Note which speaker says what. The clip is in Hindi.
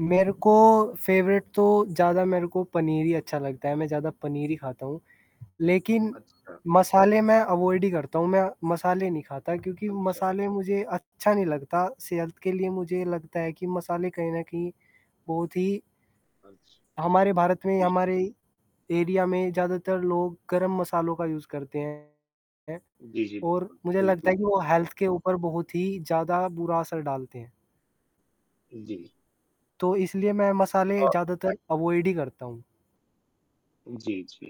Speaker 1: मेरे को फ़ेवरेट तो ज़्यादा मेरे को पनीर ही अच्छा लगता है, मैं ज़्यादा पनीर ही खाता हूँ। लेकिन
Speaker 2: अच्छा।
Speaker 1: मसाले मैं अवॉइड ही करता हूँ, मैं मसाले नहीं खाता क्योंकि
Speaker 2: अच्छा, अच्छ।
Speaker 1: मसाले मुझे अच्छा नहीं लगता, सेहत के लिए मुझे लगता है कि मसाले कहीं न कहीं बहुत ही
Speaker 2: अच्छ।
Speaker 1: हमारे भारत में ही,
Speaker 2: जी।
Speaker 1: हमारे एरिया में ज़्यादातर लोग गरम मसालों का यूज़ करते हैं।
Speaker 2: जी, जी,
Speaker 1: और
Speaker 2: बिल्कुल।
Speaker 1: मुझे लगता है
Speaker 2: बिल्कुल।
Speaker 1: कि वो हेल्थ के ऊपर बहुत ही ज़्यादा बुरा असर डालते हैं।
Speaker 2: जी।
Speaker 1: तो इसलिए मैं मसाले
Speaker 2: हाँ।
Speaker 1: ज़्यादातर अवॉइड ही करता हूँ।
Speaker 2: जी, जी।